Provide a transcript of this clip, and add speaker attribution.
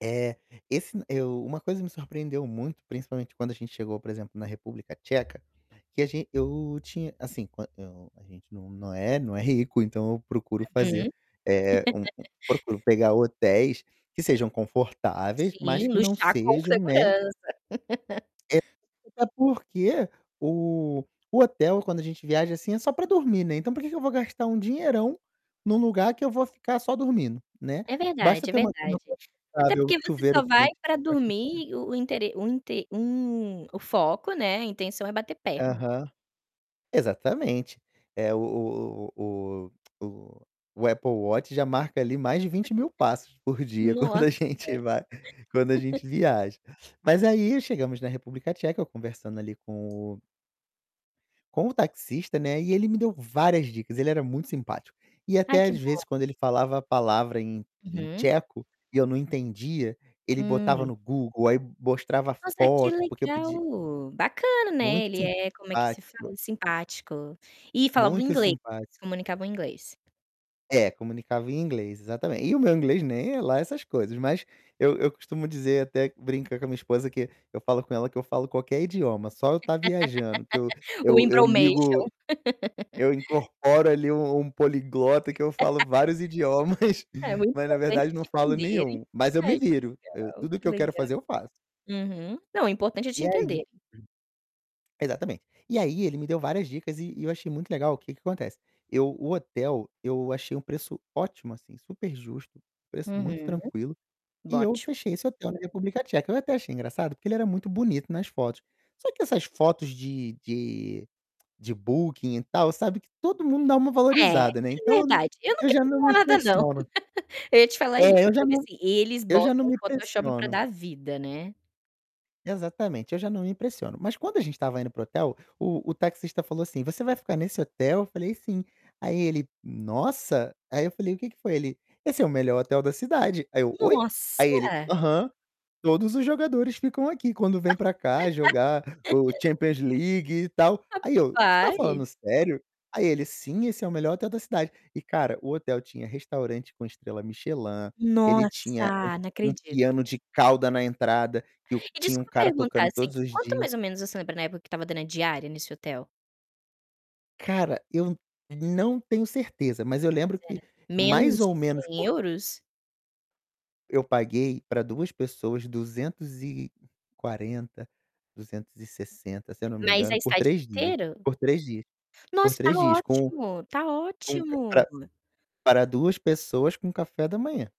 Speaker 1: Eh, esse, eu uma coisa me surpreendeu muito principalmente quando a gente chegou, por exemplo, na República Tcheca, que a ge eu tinha assim, qu eu a gente não não é não é rico, então eu procuro
Speaker 2: Uhum.
Speaker 1: fazer, eh, um um procuro pegar hotéis que sejam confortáveis, mas
Speaker 2: Sim,
Speaker 1: que não
Speaker 2: luxar com
Speaker 1: sejam, né
Speaker 2: segurança.
Speaker 1: É [unintelligible] até porque o o hotel quando a gente viaja, assim, é só para dormir, né, então pra que que eu vou gastar um dinheirão num lugar que eu vou ficar só dormindo, né.
Speaker 2: É
Speaker 1: Basta
Speaker 2: verdade, é
Speaker 1: ter uma cama
Speaker 2: verdade. Até
Speaker 1: confortável,
Speaker 2: porque você só
Speaker 1: chuveiro
Speaker 2: vai
Speaker 1: quente
Speaker 2: pra
Speaker 1: pra que eu [unintelligible]
Speaker 2: dormir o o intere um inte um o foco, né, a intenção é bater perna.
Speaker 1: Aham. Exatamente. É o o o o o o Apple Watch já marca ali mais de 20.000 passos por dia quando a
Speaker 2: Nossa.
Speaker 1: gente vai quando a gente viaja. Mas aí, chegamos na República Tcheca ,conversando ali com o com o taxista, né, e ele me deu várias dicas, ele era muito simpático. E
Speaker 2: Ai
Speaker 1: até
Speaker 2: que
Speaker 1: às
Speaker 2: bom.
Speaker 1: vezes quando ele falava a palavra em em
Speaker 2: Uhum.
Speaker 1: tcheco, e eu não entendia, ele botava
Speaker 2: Hum.
Speaker 1: no Google, aí mostrava a
Speaker 2: Nossa, que
Speaker 1: foto, porque eu pedi
Speaker 2: legal, bacana, né,
Speaker 1: Muito
Speaker 2: ele é como é que se fala?
Speaker 1: simpático
Speaker 2: Simpático, e falava o
Speaker 1: muito
Speaker 2: inglês,
Speaker 1: simpático.
Speaker 2: se comunicavam inglês?
Speaker 1: É, comunicava em inglês, exatamente, e o meu inglês nem é lá essas coisas mas, eu eu costumo dizer, até brinca com a minha esposa, que eu falo com ela que eu falo qualquer idioma, só eu tá viajando, que eu
Speaker 2: O
Speaker 1: eu eu
Speaker 2: embromation.
Speaker 1: ligo eu incorporo ali um um poliglota que eu falo vários idiomas,
Speaker 2: É muito
Speaker 1: mas na
Speaker 2: importante
Speaker 1: verdade não
Speaker 2: te
Speaker 1: falo
Speaker 2: entenderem.
Speaker 1: nenhum, mas eu me
Speaker 2: Ai que
Speaker 1: viro, eu
Speaker 2: legal,
Speaker 1: tudo
Speaker 2: que
Speaker 1: que eu quero
Speaker 2: legal.
Speaker 1: fazer eu faço.
Speaker 2: Uhum, não, o importante é te
Speaker 1: E aí
Speaker 2: entenderem.
Speaker 1: Exatamente. E aí ele me deu várias dicas e e eu achei muito legal, o que que acontece? Eu o hotel, eu achei um preço ótimo, assim, superjusto, preço muito
Speaker 2: Uhum.
Speaker 1: tranquilo, e eu
Speaker 2: Bote-o.
Speaker 1: fechei esse hotel na República Tcheca, eu até achei engraçado, porque ele era muito bonito nas fotos. Só que essas fotos de de de Booking e tal, sabe que todo mundo dá uma
Speaker 2: É,
Speaker 1: valorizada, né.
Speaker 2: é
Speaker 1: Então, eu
Speaker 2: verdade eu não
Speaker 1: eu
Speaker 2: quero
Speaker 1: já não me
Speaker 2: falar nada não,
Speaker 1: impressiono.
Speaker 2: eu ia te falar isso,
Speaker 1: É, eu já
Speaker 2: porque,
Speaker 1: não
Speaker 2: assim, eles
Speaker 1: eu já não
Speaker 2: botam o
Speaker 1: me
Speaker 2: Photoshop pra
Speaker 1: impressiono.
Speaker 2: dar vida, né?
Speaker 1: Exatamente, eu já não me impressiono, mas quando a gente estava indo para o hotel, o o taxista falou assim: "Você vai ficar nesse hotel?". Eu falei: "Sim". Aí ele: "Nossa!". Aí eu falei: "O que que foi?". Ele: "Esse é o melhor hotel da cidade". Aí eu: "Oi?".
Speaker 2: Nossa.
Speaker 1: Aí ele: "Aham, todos os jogadores ficam aqui quando vêm para cá jogar o Champions League e tal". Aí eu: "Tu tá
Speaker 2: Rapaz.
Speaker 1: falando sério?" Aí ele: "Sim, esse é o melhor hotel da cidade". E cara, o hotel tinha restaurante com estrela Michelin, ele tinha um
Speaker 2: Nossa, não
Speaker 1: um
Speaker 2: acredito.
Speaker 1: piano de cauda na entrada, que o
Speaker 2: E
Speaker 1: tinha um
Speaker 2: desculpa
Speaker 1: cara
Speaker 2: perguntar
Speaker 1: tocando
Speaker 2: assim,
Speaker 1: todos os
Speaker 2: quanto
Speaker 1: dias.
Speaker 2: mais ou menos você lembra na época que estava dando a diária nesse hotel?
Speaker 1: Cara, eu não tenho certeza, mas eu lembro
Speaker 2: Mas era
Speaker 1: que mais
Speaker 2: menos
Speaker 1: ou
Speaker 2: de
Speaker 1: menos
Speaker 2: cem
Speaker 1: por
Speaker 2: euros?
Speaker 1: Eu paguei pra 2 pessoas 240, 260, se eu não me
Speaker 2: Mas a
Speaker 1: engano, por
Speaker 2: estadia
Speaker 1: 3 dias,
Speaker 2: inteiro?
Speaker 1: por 3 dias, por
Speaker 2: Nossa, tá
Speaker 1: 3 dias com
Speaker 2: ótimo! Tá
Speaker 1: com ca para
Speaker 2: ótimo!
Speaker 1: para 2 pessoas com café da manhã.